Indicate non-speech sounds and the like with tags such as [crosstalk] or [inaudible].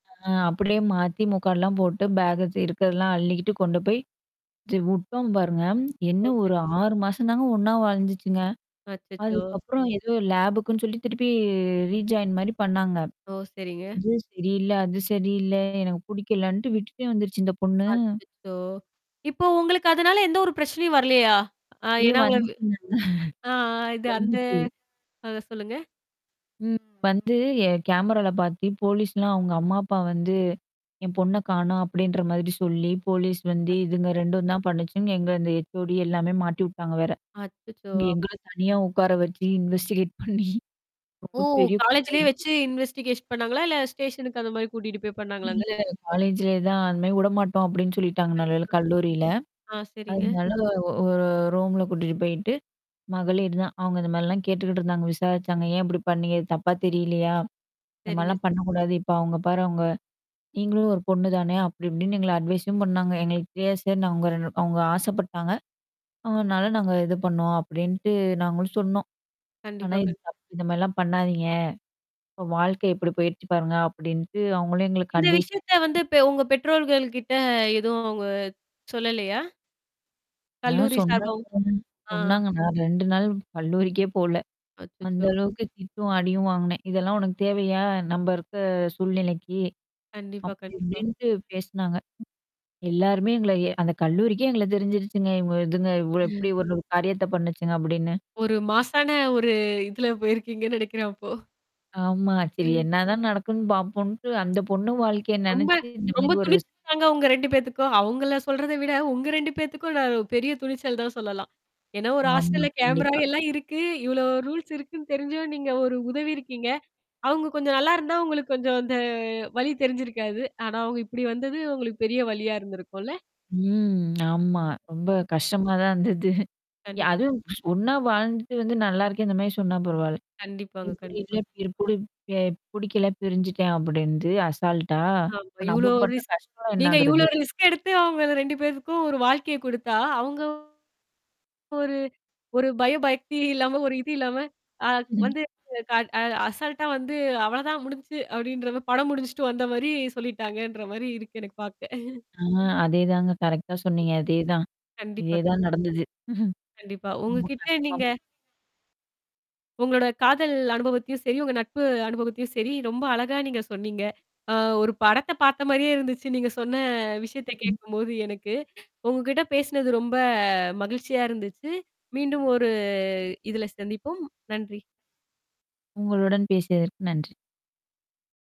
அ அப்படியே மாத்தி, முக்காடுல்லாம் போட்டு பேக்க இருக்கதெல்லாம் அள்ளிக்கிட்டு கொண்டு போய் [unintelligible] உட்டோம் பாருங்க. என்ன ஓ! சரிங் ஒரு 6 மாசம் தாங்க ஒண்ணா வாழ்ந்துச்சுங்க. அச்சச்சோ! அதுக்கப்புறம் ஏதோ லேபக்குன்னு சொல்லி திருப்பி ரீஜாயின் மாரி பண்ணாங்க. ஓ! சரிங்க. "இது சரியில்ல, அது சரியில்ல. எனக்கு பிடிக்கலன்ட்டு" விட்டுட்டே வந்துருச்சு இந்த பொண்ணு. அச்சச்சோ! இப்போ உங்களுக்கு அதனால எந்த ஒரு பிரச்சனையும் வரலையா? ஆ ஐயோ! ஏன்னா உங்கள வந்துச்சிங்கன்றேன். ஆ இது அந்த வந்துச்சி. ஆ சொல்லுங்க. ம். வந்து என் கேமரால பாத்து போலீஸ்லாம் அங்க அம்மா அப்பா வந்து என் பொண்ண காணும் அப்டின்ற மாதிரி சொல்லி போலீஸ் வந்து இதுங்க அச்சச்சோ! 2ம் தான் பண்ணுச்சுங்க எங்க இந்த ஹெச்ஓடி எல்லாமே மாட்டிவுட்டாங்க வேற. அச்சச்சோ! இங்க எங்கள அப்டியா. தனியா உக்கார வச்சு இன்வெஸ்டிகேட் பண்ணி ஓ! ரொம்ப பெரிய பிரச்சனை காலேஜ்லயே ஆயிடுச்சு. வச்சு இன்வெஸ்டிகேஷன் பண்ணாங்களா? இல்ல ஸ்டேஷனுக்கு அந்த மாரி கூட்டிட்டு போய் பண்ணாங்களாங்க? இல்ல காலேஜ்லயே தான் அந்த மாரி விடமாட்டோம் அப்டின்னு சொல்லிட்டாங்க நல்ல வேலை கண்டிப்பாங்க. கல்லூரில. ஆ சரிங்க. அதனால ஒரு ரூம்ல கூட்டிட்டு போயிட்டு, மகளீர் தான் அவுங்க இந்த மாரிலாம் கேட்டுக்கிட்டு இருந்தாங்க. விசாரிச்சாங்க. "ஏன் இப்படி பண்ணீங்கது தப்பா தெரியலையா? இந்த சரிங்க. மாரிலாம் பண்ணக்கூடாது. இப்ப அவங்க பாரு அவங்க. நீங்களும் ஒரு பொண்ணு தானே! அப்படி இப்டின்னு" எங்கள அட்வைஸும் பண்ணாங்க. எங்களுக்கு தெரியாது சார் அவங்க ரெ அவங்க ஆசைப்பட்டாங்க. அதனால நாங்க இது பண்ணோம் அப்படின்ட்டு நாங்களும் சொன்னோம். "ஆனா கண்டிப்பா, இது கண்டி தப்பு இந்த மாரிலாம் பண்ணாதீங்க. இப்ப வாழ்க்கை எப்படி போயிறச்சு பாருங்க" அப்படின்ட்டு அவங்களும் எங்களுக்கு இந்த அட்வைஸ் விஷயத்த வந்து பெ உங்க பெற்றோர்கள் கிட்ட எதுவும் அவுங்க சொல்லலையா? ஆ. கல்லூரி சார்பாவும். சொன்னாங்க ஆ. சொன்னாங்க நான் 2 நாள் கல்லூரிக்கே போல. அந்த அச்சச்சோ. அளவுக்கு திட்டும், அடியும் வாங்குனேன். இதெல்லாம் உனக்கு தேவையா? நம்ப இருக்க சூழ்நிலைக்கு. கண்டிப்பா, அப்படி கண்டிப்பா. இப்டின்ட்டு பேசினாங்க. எல்லாருமே எங்கள எ அந்த கல்லூரிக்கே எங்கள தெரிஞ்சிருச்சுங்க. இங்க இதுங்க இவ் இப்படி [laughs] ஒரு காரியத்த பண்ணுச்சுங்க அப்டின்னு. ஒரு மாஸான ஒரு இதுல போயிருக்கீங்கன்னு நெனக்கிறேன் அப்போ? ஆமா. சரி ம். என்ன தான் நடக்குன்னு பாப்போன்ட்டு அந்த பொண்ணு வாழ்க்கைய ரொம்ப நெனச்சு இந்த ரொம்ப மாரி ஒரு துணிச் ரிஸ்க் தாங்க உங்க 2 பேத்துக்கும். அவுங்கள சொல்றத விட உங்க 2 பேத்துக்கும் நான் பெரிய துணிச்சல் தான் சொல்லலாம். ஏன்னா, ஒரு ஆமா, ஹாஸ்டல்ல கேமரா கண்டிப்பா. எல்லாம் இருக்கு, இவ்ளோ ரூல்ஸ் இருக்குன்னு தெரிஞ்சும் நீங்க ஒரு உதவி இருக்கீங்க. அவுங்க கொஞ்சம் நல்லா இருந்தா உங்களுக்கு கொஞ்சம் அந்த வலி தெரிஞ்சிருக்காது. ஆனா, அவங்க இப்படி வந்தது உங்களுக்கு பெரிய வலியா இருந்திருக்கும்ல? ம். [smacks lips] ஆமா. ரொம்ப கஷ்டமா தான் இருந்தது. ய கண்டிப்பா. அதுவும் ஒன்னா வாழ்ந்துட்டு வந்து "நல்லாருக்கேன்" இந்த மாரி சொன்னா பரவால்ல. கண்டிப்பாங்க, இப்படி இல்ல கண்டிப்பா. [unintelligible] இவர புடிக்கல பிரிஞ்சுட்டேன் அப்டின்ந்து அசால்டா. ஆமா. அப்ப இவ்ளோ நம்ம பட்ட ரிஸ்க் கஷ்டம்லாம் நீங்க என்னகுறது. இவ்ளோ ரிஸ்க் எடுத்து அவங்க 2 பேருக்கும் ஒரு வாழ்க்கையை குடுத்தா, அவங்க ஒரு ஒரு பய பக்தி இல்லாம ஒரு இது இல்லாம அ ம். வந்துஅ அசல்ட்டா வந்து "அவ்வளதான் முடிஞ்சுச்சு" அப்படின்ற படம் முடிச்சுட்டு வந்த மாரி சொல்லிட்டாங்கன்ற மாரி இருக்கு எனக்கு பாக்க. [chuckles] ஆ. அதேதாங்க கரெக்ட்டா சொன்னீங்க. அதேதான். கண்டிப்பா, இதே கண் தான் நடந்தது. [chuckles] கண்டிப்பா. உங்க ரொம்ப கிட்ட கஷ்டமா நீங்க போச்சு. உங்களோட காதல் அனுபவத்தையும் சரி, உங்க நட்பு அனுபவத்தையும் சரி, ரொம்ப அழகா நீங்க சொன்னீங்க. அ ஒரு படத்த பாத்த மாரியே இருந்துச்சு நீங்க சொன்ன விஷயத்த கேக்கும்போது எனக்கு உங்ககிட்ட பேசினது ரொம்ப மகிழ்ச்சியா இருந்துச்சு. மீண்டும் ஒரு இதுல சந்திப்போம். நன்றி. உங்களுடன் பேசியதற்கு நன்றி.